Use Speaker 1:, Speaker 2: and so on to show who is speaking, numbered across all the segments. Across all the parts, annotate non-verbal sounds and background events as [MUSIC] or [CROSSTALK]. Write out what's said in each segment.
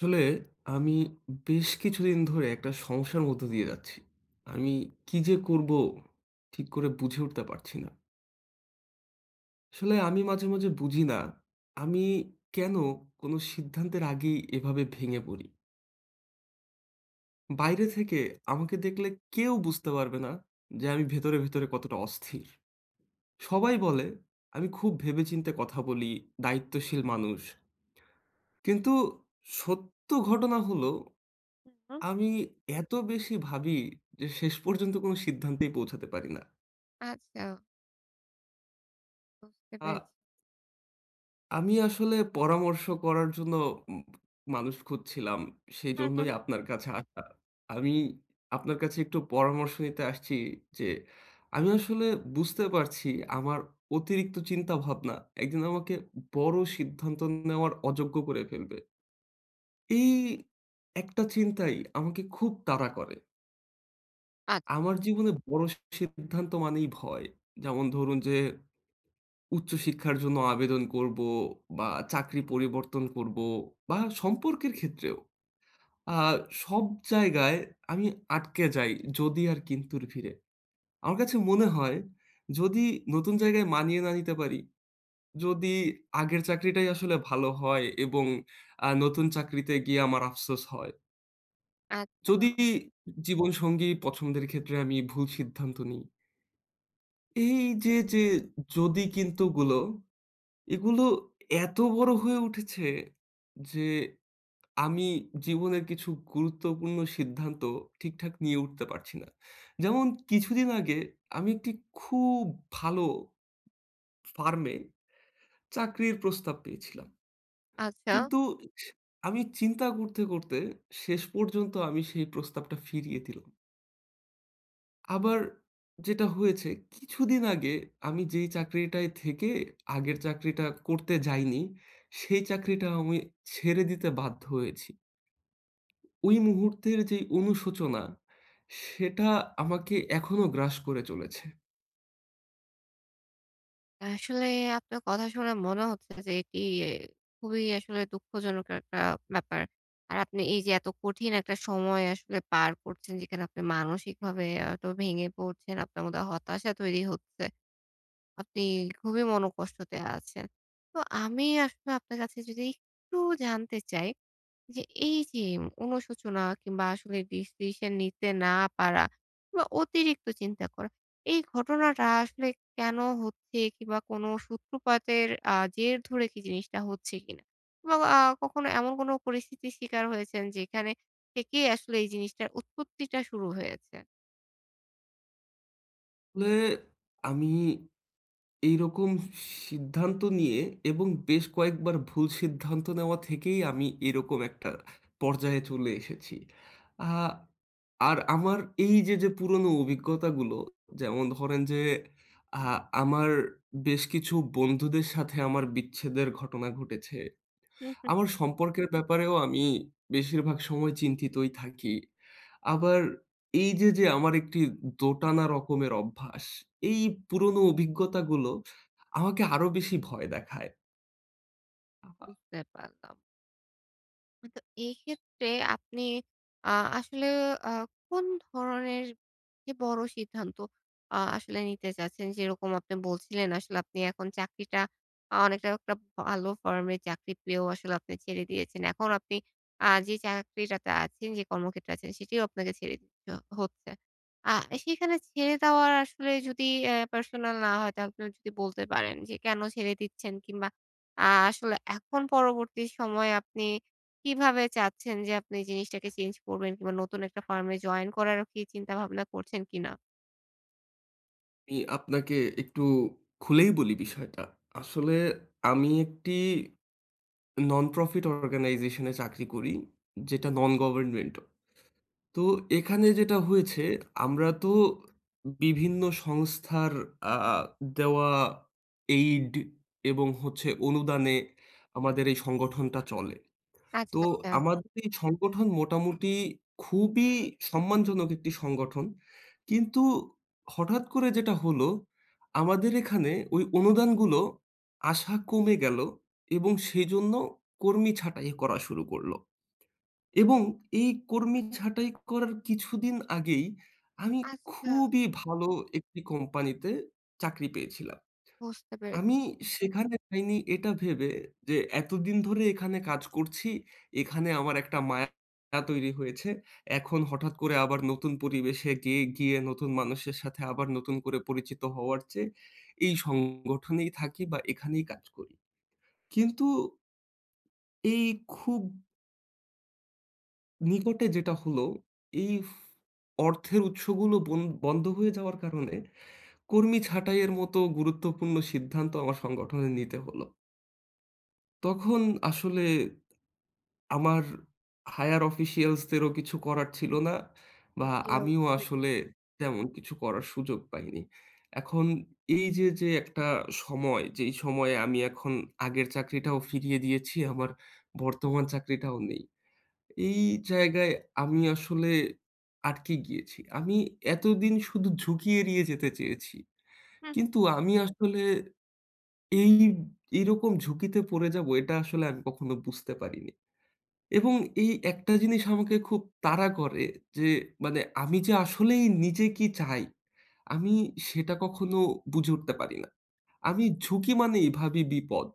Speaker 1: আসলে আমি বেশ কিছুদিন ধরে একটা সমস্যার মধ্য দিয়ে যাচ্ছি। আমি কি যে করব, ঠিক করে বুঝে উঠতে পারছি না। আসলে আমি মাঝে, মাঝে বুঝি না আমি কেন কোন সিদ্ধান্তের আগেই এভাবে ভেঙে পড়ি? বাইরে থেকে আমাকে দেখলে কেউ বুঝতে পারবে না যে আমি ভেতরে, ভেতরে কতটা অস্থির। সবাই বলে আমি খুব ভেবে চিন্তে কথা বলি, দায়িত্বশীল মানুষ। কিন্তু সত্য ঘটনা হলো
Speaker 2: হু, হুম।
Speaker 1: আমি এত বেশি ভাবি যে শেষ পর্যন্ত কোন সিদ্ধান্তেই পৌঁছাতে পারি না।
Speaker 2: আচ্ছা। বুঝতে পেরেছি।
Speaker 1: আ আমি আসলে পরামর্শ করার জন্য ম মানুষ খুঁজছিলাম। সেই
Speaker 2: হুম, হুম।
Speaker 1: জন্যই আপনার কাছে আসা। আমি আপনার কাছে একটু পরামর্শ নিতে আসছি। যে আমি আসলে বুঝতে পারছি আমার অতিরিক্ত চিন্তা ভাবনা একদিন আমাকে বড় সিদ্ধান্ত নেওয়ার অযোগ্য করে ফেলবে। এই একটা চিন্তাই আমাকে খুব তাড়া করে।
Speaker 2: আ
Speaker 1: আমার জীবনে বড় সিদ্ধান্ত মানেই ভয়। যেমন ধরুন যে, উচ্চ শিক্ষার জন্য আবেদন করবো বা চাকরি পরিবর্তন করবো বা সম্পর্কের ক্ষেত্রেও। আ সব জায়গায় আমি আটকে যাই যদি আর কিন্তুর ভিড়ে। আমার কাছে মনে হয়, যদি নতুন জায়গায় মানিয়ে না নিতে পারি, যদি আগের চাকরিটাই আসলে ভালো হয় এবং আ নতুন চাকরিতে গিয়ে আমার আফসোস হয়। যদি
Speaker 2: আচ্ছা।
Speaker 1: জীবনসঙ্গী পছন্দের ক্ষেত্রে আমি ভুল সিদ্ধান্ত নিই। এইযে, যে যদি, কিন্তুগুলো এগুলো এত বড়ো হয়ে উঠেছে যে আমি জীবনের কিছু গুরুত্বপূর্ণ সিদ্ধান্ত ঠিকঠাক নিয়ে উঠতে পারছি না। যেমন কিছুদিন আগে আমি একটি খুব ভালো ফার্মে চাকরির প্রস্তাব পেয়েছিলাম।
Speaker 2: আচ্ছা।
Speaker 1: কিন্তু স আমি চিন্তা করতে, করতে শেষ পর্যন্ত আমি সেই প্রস্তাবটা ফিরিয়ে দিলুম। আবার যেটা হয়েছে কিছুদিন আগে, আমি যেই চাকরিটায় থেকে আগের চাকরিটা করতে যাইনি, সেই চাকরিটা আমি ছেড়ে দিতে বাধ্য হয়েছি। ওই মুহূর্তের যে অনুশোচনা, সেটা আমাকে এখনো গ্রাস করে চলেছে।
Speaker 2: আসলে আপনার কথা শুনে মনে হচ্ছে যে এটি খুবই আসলে দুঃখজনক একটা ব্যাপার। আর আপনি এই যে এত কঠিন একটা সময় আসলে পার করছেন যেখানে আপনি মানসিকভাবে এত ভেঙে পড়ছেন। আপনার মধ্যে হতাশা তৈরি হচ্ছে। আপনি খুবই মন কষ্টতে আছেন। তো আমি আসলে আপনার কাছে যদি একটু জানতে চাই যে এই যে অনুশোচনা কিংবা আসলে ডিসিশন নিতে না পারা বা অতিরিক্ত চিন্তা করা, এই ঘটনাটা আসলে কেন হচ্ছে? কিংবা কোনো সূত্রপাতের আ জের ধরে কি জিনিসটা হচ্ছে কিনা? বা আ কখনো এমন কোনো পরিস্থিতির শিকার হয়েছেন যেখানে থেকেই আসলে এই জিনিসটার উৎপত্তিটা শুরু হয়েছে?
Speaker 1: নে আমি এই রকম স সিদ্ধান্ত নিয়ে এবং বেশ কয়েকবার ভুল সিদ্ধান্ত নেওয়া থেকেই আমি এই রকম একটা পর্যায়ে চলে এসেছি। আ আর আমার এই যে, যে পুরোনো অভিজ্ঞতা গুলো যেমন ধরেন যে, আ আমার বেশ কিছু বন্ধুদের সাথে আমার বিচ্ছেদের ঘটনা ঘটেছে।
Speaker 2: হু, হু।
Speaker 1: আমার সম্পর্কের ব্যাপারেও আমি বেশির ভাগ সময় চিন্তিতই থাকি। আবার এই যে, যে আমার একটি দোটানা রকমের অভ্যাস, এই পুরোনো অভিজ্ঞতা গুলো, আমাকে আরো বেশি ভয় দেখায়। আবা
Speaker 2: বুঝতে পারলাম। আ তো এইক্ষেত্রে আপনি আ আসলে আ কোন ধরনের যে, বড় সিদ্ধান্ত আ আসলে নিতে চাচ্ছেন? যেইরকম আপনি বলছিলেন, আসলে আপনি এখন চাকরিটা অ অনেকটা একটা ভালো ফার্মে চাকরি পেয়েও আসলে আপনি ছেড়ে দিয়েছেন। এখন আপনি আ যে চাকরিটাতে আছেন, যে কর্মক্ষেত্রে আছেন, সেটিও আপনাকে ছেড়ে দিতে হচ্ছে। আ এ সেইখানে ছেড়ে দেওয়ার আসলে যদি অ্যা পার্সোনাল না হয়, তাহলে এ যদি বলতে পারেন যে, কেন ছেড়ে দিচ্ছেন কিংবা আ আসলে এখন পরবর্তী সময়ে আপনি কিভাবে চাচ্ছেন যে আপনি এই জিনিসটাকে চেঞ্জ করবেন, কিংবা নতুন একটা ফার্ম এ জয়েন করারও চিন্তা ভাবনা করছেন কিনা?
Speaker 1: আমি আপনাকে একটু খুলেই বলি বিষয়টা। আসলে আমি একটি নন প্রফিট অর্গানাইজেশন এ চাকরি করি। যেটা Non-government. তো এখানে যেটা হয়েছে আমরা তো বিভিন্ন সংস্থার আ দেওয়া aid এবং হচ্ছে অনুদানে আমাদের এই সংগঠনটা চলে।
Speaker 2: আচ্ছা,
Speaker 1: তো
Speaker 2: আচ্ছা।
Speaker 1: আমাদের এই সংগঠন মোটামুটি খুবই সম্মানজনক একটি সংগঠন। কিন্তু হঠাৎ করে যেটা হল আমাদের এখানে ওই অনুদান গুলো আসা কমে গেল এবং সেইজন্য কর্মী ছাটাই করা শুরু করল। এবং এই কর্মী ছাঁটাই করার কিছুদিন আগেই আমি
Speaker 2: আচ্ছা।
Speaker 1: খুবই ভালো একটি কোম্পানি তে চাকরি পেয়েছিলাম।
Speaker 2: বুঝতে পেরে
Speaker 1: আমি সেখানে যাইনি এটা ভেবে যে এতদিন ধরে এখানে কাজ করছি এখানে আমার একটা মায়া তৈরি হয়েছে। এখন হঠাৎ করে আবার নতুন পরিবেশে গিয়ে গিয়ে নতুন মানুষের সাথে আবার নতুন করে পরিচিত হওয়ার চেয়ে এই সংগঠনেই থাকি বা এখানেই কাজ করি। কিন্তু এই খুব নিকটে যেটা হল, এই ফ অর্থের উৎস গুলো বন বন্ধ হয়ে যাওয়ার কারনে, কর্মী ছাঁটাইয়ের মতো গুরুত্বপূর্ণ সিদ্ধান্ত আমার সংগঠনে নিতে হল। তখন আসলে, আমার হায়য়ার অফিসিয়ালস দেরও কিছু করার ছিল না। বা
Speaker 2: জি,
Speaker 1: আমিও
Speaker 2: অবশ্যই।
Speaker 1: আসলে তেমন কিছু করার সুযোগ পাইনি। এখন এই যে, যে, একটা সময়, যেই সময়ে আমি এখন আগের চাকরিটাও ফিরিয়ে দিয়েছি, আমার বর্তমান চাকরিটাও নেই। এই জায়গায় আমি আসলে আটকে গিয়েছি। আমি এতদিন শুধু ঝুঁকি এড়িয়ে যেতে চেয়েছি
Speaker 2: হুম।
Speaker 1: কিন্তু আমি আসলে। এই, এরকম ঝুঁকিতে পরে যাব এটা আসলে আমি কখনো বুঝতে পারিনি। এবং এই একটা জিনিস আমাকে খুব তারা করে যে, মানে আমি যে আসলেই নিজে কি চাই? আমি সেটা কখনো বুঝে উঠতে পারি না। আমি ঝুঁকি মানেই ভাবি বিপদ।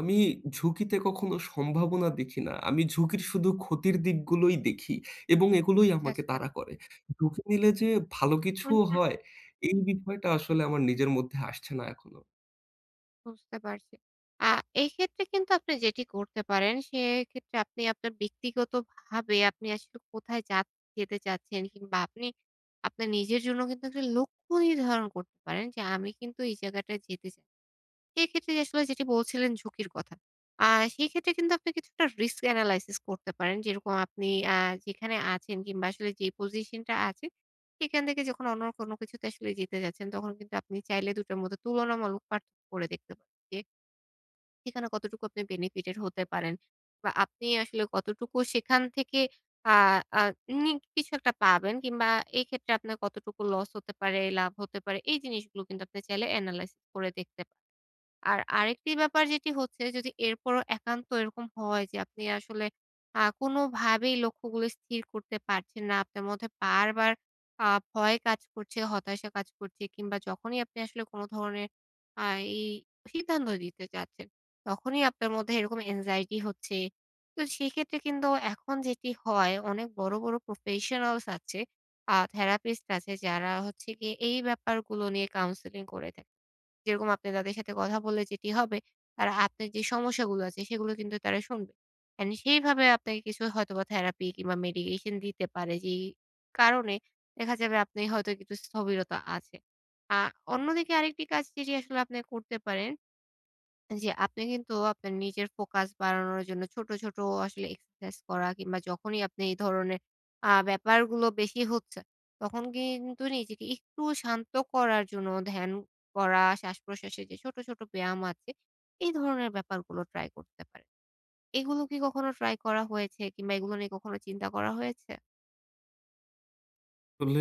Speaker 1: আমি ঝুঁকিতে কখনো সম্ভাবনা দেখি না। আমি ঝুঁকির শুধু ক্ষতির দিকগুলোই দেখি এবং এগুলোই আমাকে
Speaker 2: আচ্ছা, [UNINTELLIGIBLE]
Speaker 1: তারা করে। ঝুঁকি নিলে যে ভালো
Speaker 2: হূম,
Speaker 1: কিছুও
Speaker 2: হূম।
Speaker 1: হয়, এই বিষয়টা আসলে আমার নিজের মধ্যে আসছে না এখনো।
Speaker 2: বুঝতে পারছি। আ এক্ষেত্রে কিন্তু আপনি যেটি করতে পারেন, সেক্ষেত্রে আপনি আপনার ব্যক্তিগতভাবে আপনি আসলে কোথায় যাচ যেতে চাচ্ছেন কিংবা আপনি আপনার নিজের জন্য কিন্তু একটি লক্ষ্য নির্ধারণ করতে পারেন। যে, "আমি কিন্তু এই জায়গাটায় যেতে চাই।" এইক্ষেত্রে আসলে যেটি বলছিলেন ঝুঁকির কথা। আ সেক্ষেত্রে কিন্তু আপনি কিছুটা risk analysis করতে পারেন। যেরকম আপনি আ যেখানে আছেন কিংবা আসলে যে পজিশনটা আছে, সেখান থেকে যখন অন্য কোনো কিছুতে আসলে যেতে যাচ্ছেন, তখন কিন্তু আপনি চাইলে ২ টোর মধ্যে তুলনামূলক পার্থক্য করে দেখতে যে সেখানে কতটুকু আপনি benefitted হতে পারেন বা আপনি আসলে কতটুকু সেখান থেকে আ আ unique কিছু একটা পাবেন কিংবা এক্ষেত্রে আপনার কতটুকু লস হতে পারে, লাভ হতে পারে, এই জিনিসগুলো কিন্তু আপনি চাইলে analysis করে দেখতে পারেন। আর আরেকটি ব্যাপার যেটি হচ্ছে, যদি এরপরও একান্ত এরকম হয় যে, আপনি আসলে আ কোনোভাবেই লক্ষ্যগুলি স্থির করতে পারছেন না, আপনার মধ্যে বারবার আ ভয় কাজ করছে, হতাশা কাজ করছে কিংবা যখনই আপনি আসলে কোনো ধরনের আ এই সিদ্ধান্ত দিতে চাচ্ছেন, তখনই আপনার মধ্যে এরকম anxiety হচ্ছে। তো, সেক্ষেত্রে কিন্তু এখন যেটি হয়, অনেক বড়ো বড়ো প্রফেশনালস আছে, আ থেরাপিস্ট আছে, যারা হচ্ছে গিয়ে এই ব্যাপারগুলো নিয়ে কাউন্সেলিং করে থাকে। যেরকম আপনি তাদের সাথে কথা বললে যেটি হবে, তারা আপনার যে সমস্যাগুলো আছে, সেগুলো কিন্তু তারা শুনবে। অ্যান্ড সেইভাবে আপনাকে কিছু হয়তোবা থেরাপি কিংবা medication দিতে পারে। যেই কারণে দেখা যাবে, আপনার হয়তো কিছু স্থবিরতা আছে। আ অন্যদিকে আরেকটি কাজ যেটি আসলে আপনার করতে পারেন যে, আপনি কিন্তু আপনার নিজের ফোকাস বাড়ানোর জন্য ছোটো, ছোটো আসলে এক্সারসাইজ করা কিংবা যখনই আপনি এই ধরনের আ ব্যাপারগুলো বেশি হচ্ছে, তখন কিন্তু নিজেকে একটু শান্ত করার জন্য ধ্যান করা, শ্বাসপ্রশ্বাসের যে ছোটো, ছোটো ব্যায়াম আছে, এই ধরনের ব্যাপারগুলো ট্রাই করতে পারেন। এগুলো কি কখনো ট্রাই করা হয়েছে কিংবা এগুলো নিয়ে কখনো চিন্তা করা হয়েছে?
Speaker 1: ফলে,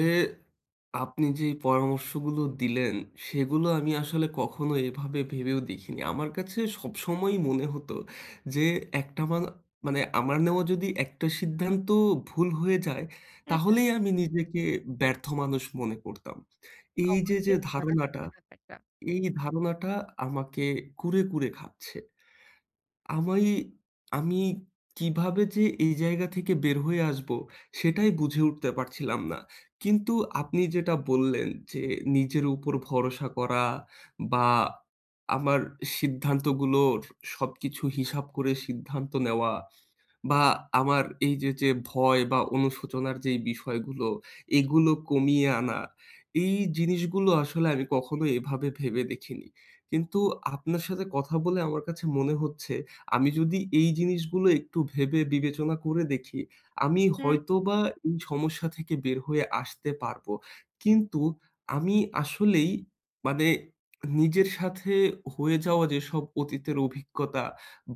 Speaker 1: আপনি যেই পরামর্শ গুলো দিলেন, সেগুলো আমি আসলে কখনো এভাবে ভেবেও দেখিনি। আমার কাছে সবসময়ই মনে হত, যে একটানা মান আমার নেওয়া যদি একটা সিদ্ধান্ত ভুল হয়ে যায়,
Speaker 2: হ্যাঁ, হ্যাঁ।
Speaker 1: তাহলেই আমি নিজেকে ব্যর্থ মানুষ মনে করতাম। এই যে যে
Speaker 2: অবশ্যই না
Speaker 1: ধারনাটা,
Speaker 2: এ ব্যাপারটা।
Speaker 1: এই ধারনাটা আমাকে কুরে, কুরে খাচ্ছে। আমি, আমি কিভাবে যে এই জায়গা থেকে বের হয়ে আসব, সেটাই বুঝে উঠতে পারছিলাম না। কিন্তু আপনি যেটা বললেন, যে নিজের উপর ভরসা করা বা আমার সিদ্ধান্ত গুলোর, সবকিছু হিসাব করে সিদ্ধান্ত নেওয়া বা আমার এই যে যে ভয় বা অনুশোচনার যেই বিষয়গুলো, এগুলো কমিয়ে আনা। এই জিনিস গুলো আসলে আগে কখনো এভাবে ভেবে দেখিনি। কিন্তু আপনার সাথে কথা বলে, আমার কাছে মনে হচ্ছে, আমি যদি এই জিনিসগুলো একটু ভেবে, বিবেচনা করে দেখি, আমি
Speaker 2: হুম।
Speaker 1: হয়তোবা এই সমস্যা থেকে বের হয়ে আসতে পারবো। কিন্তু আমি আসলেই, মানে নিজের সাথে হয়ে যাওয়া যেসব অতীতের অভিজ্ঞতা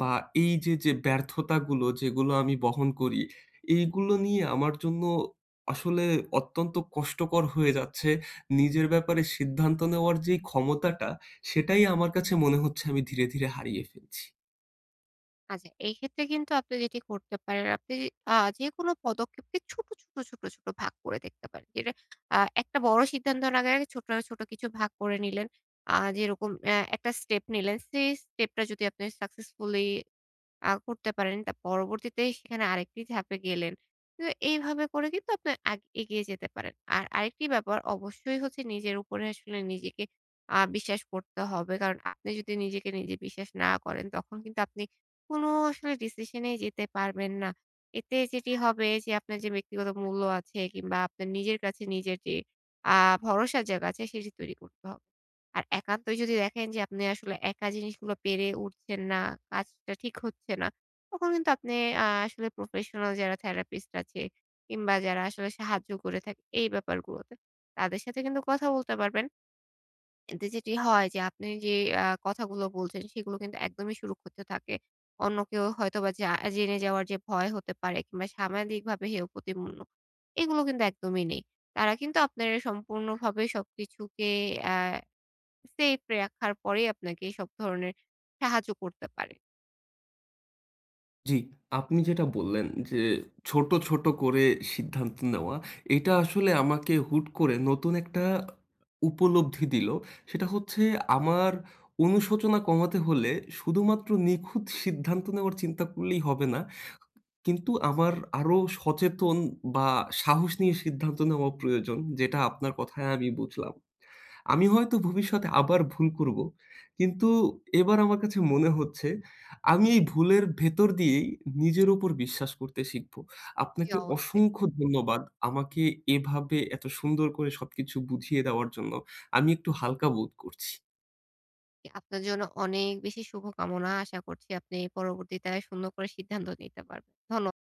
Speaker 1: বা এই যে যে ব্যর্থতাগুলো, যেগুলো আমি বহন করি, এইগুলো নিয়ে আমার জন্য আসলে, অত্যন্ত কষ্টকর হয়ে যাচ্ছে, নিজের ব্যাপারে সিদ্ধান্ত নেওয়ার যেই ক্ষমতাটা, সেটাই আমার কাছে মনে হচ্ছে, আমি ধীরে, ধীরে হারিয়ে ফেলছি।
Speaker 2: আচ্ছা এই ক্ষেত্রে কিন্তু আপনি যেটি করতে পারেন, আপনি অ্যা যেকোনো পদক্ষেপকে ছোট, ছোট, ছোট, ছোট ভাগ করে দেখতে পারেন। এটা আ একটা বড় সিদ্ধান্তর আগে, আগে ছোট, ছোট কিছু ভাগ করে নিলেন। অ্যা যেরকম আ একটা স্টেপ নিলেন সেই স্টেপ টা যদি আপনি successfully অ্যা করতে পারেন। তো পরবর্তীতে সেখানে আরেকটি ধাপে গেলেন। কিন্তু এইভাবে করে কিন্তু আপনি আ এগিয়ে যেতে পারেন। আর আরেকটি ব্যাপার অবশ্যই হচ্ছে নিজের উপরে আসলে নিজেকে আ বিশ্বাস করতে হবে। কারণ আপনি যদি নিজেকে নিজে বিশ্বাস না করেন তখন কিন্তু আপনি কোন আসলে ডিসিশন এ যেতে পারবেন না। এতে যেটি হবে যে, আপনার যে ব্যক্তিগত মূল্য আছে কিংবা আপনার নিজের কাছে নিজের যে অ্যা ভরসার জায়গা আছে সেটি তৈরি করতে হবে। আর একান্তই যদি দেখেন যে আপনি আসলে একা জিনিসগুলো পেরে উঠছেন না, কাজটা ঠিক হচ্ছে না। তখন কিন্তু আপনি অ্যা আসলে প্রফেশনাল যারা therapist আছে কিংবা যারা আসলে সাহায্য করে থাকে এই ব্যাপারগুলোতে তাদের সাথে কিন্তু কথা বলতে পারবেন। এতে যেটি হয় যে, আপনি ওই যে এ কথাগুলো বলছেন সেগুলো কিন্তু একদমই সুরক্ষিত থাকে। অন্য কেউ হয়তোবা জা জেনে যাওয়ার যে ভয় হতে পারে কিংবা সামাজিকভাবে হেয় প্রতিপন্ন, এগুলো কিন্তু একদমই নেই। তারা কিন্তু আপনার সম্পূর্ণভাবে সবকিছুকে অ্যা সেফ রাখার পরেই আপনাকে সব ধরনের সাহায্য করতে পারে।
Speaker 1: জ্বি, আপনি যেটা বললেন যে ছোট, ছোট করে সিদ্ধান্ত নেওয়া এটা আসলে আমাকে হুট করে নতুন একটা অ উপলব্ধি দিল। সেটা হচ্ছে আমার অনুশোচনা কমাতে হলে শুধু মাত্র নিখুঁত সিদ্ধান্ত নেওয়ার চিন্তা করলেই হবে না। কিন্তু আমার আরো সচেতন বা সাহস নিয়ে সিদ্ধান্ত নেওয়া প্রয়োজন যেটা আপনার কথায় আমি বুঝলাম। আমি হয়তো ভবিষ্যতে আবার ভুল করব। কিন্তু এবার আমার কাছে মনে হচ্ছে আমি এই ভুলের ভেতর দিয়েই নিজের উপর বিশ্বাস করতে শিখব।
Speaker 2: জি,
Speaker 1: আপনাকে
Speaker 2: অবশ্যই।
Speaker 1: অসংখ্য ধন্যবাদ আমাকে এভাবে এত সুন্দর করে সবকিছু বুঝিয়ে দেওয়ার জন্য। আমি একটু হালকা বোধ করছি।
Speaker 2: জি, আপনার জন্য অনেক বেশি শুভকামনা। আশা করছি আপনি পরবর্তীতে সুন্দর করে সিদ্ধান্ত নিতে পারবেন। ধন্য